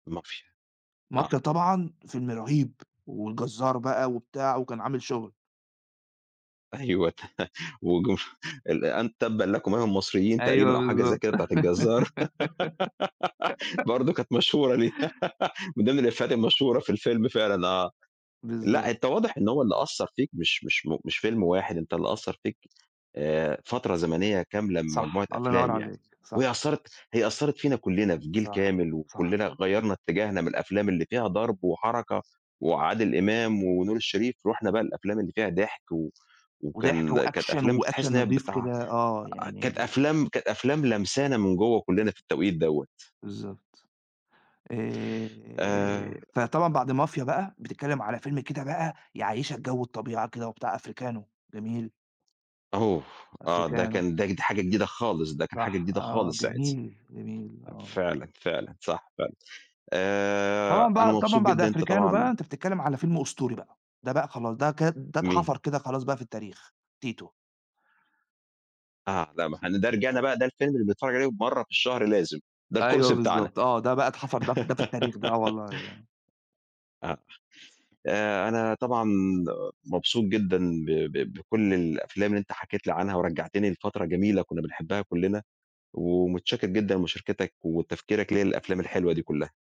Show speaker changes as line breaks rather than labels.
مافيا،
مافيا
آه.
طبعًا فيلم رهيب، والجزار بقى وبتاع وكان عامل شغل.
أيوه، وجو ال أ تبًا لكم أيها المصريين
أيوه
تقريبًا أو حاجة زي
بالضبط.
كده بتاعة الجزار، برضو كانت مشهورة دي، من ضمن الإفيهات المشهورة في الفيلم فعلًا آه،
بالضبط.
لأ أنت واضح إن هو اللي أثّر فيك، مش مش م مش فيلم واحد، أنت اللي أثّر فيك آآ، فترة زمنية كاملة من
صح،
مجموعة
الله ينور
أفلام يعني،
عليك، صح.
وهي أثّرت هي أثّرت فينا كلّنا في جيل
صح،
كامل،
صح.
وكلّنا غيّرنا اتجاهنا من الأفلام اللي فيها ضَرْب وحركة وعادل إمام ونور الشريف، رُحنا بقى للأفلام اللي فيها ضحك، و
وضحك
وكان كانت
وAction
أفلام
وAction
بتحس إن هي
نضيف
بتع
كده، آه
كانت
يعني
أفلام كانت أفلام لامسانا من جوه كلّنا في التوقيت دوّة.
بالضبط،
آآ
آآ، فطبعًا بعد مافيا بقى بتتكلم على فيلم كده بقى يعيّشك جو الطبيعة كده وبتاع أفريكانو، جميل.
أوف! آه ده
أفريكانو.
كان ده ج حاجة جديدة خالص، ده كان حاجة
صح
جديدة
آه،
خالص ساعتها،
جميل، جميل، آه.
فعلًا، فعلًا، صح فعلًا، آآ،
طبعًا
أنا
بقى
مبسوط
طبعًا بعد
جدًا إن أنت
أفريكانو بقى
طبعًا
أنت بتتكلم على فيلم أسطوري بقى، ده بقى خلاص ده كد ده
مين؟
اتحفر كده خلاص بقى في التاريخ، تيتو.
آه، لأ ما احنا ده رجعنا بقى، ده الفيلم اللي بنتفرج عليه مَرّة في الشهر لازم، ده
أيوه
الكورس بتاعنا.
بالضبط، آه ده بقى اتحفر ده ف ده في التاريخ ده آه والله آه.
آه، آآ، أنا طبعًا مبسوط جدًا ب ب بكل الأفلام اللي أنت حكيت لي عنها، ورجّعتني لفترة جميلة كنا بنحبها كلّنا، ومتشكر جدًا مشاركتك وتفكيرك ليا للأفلام الحلوة دي كلّها.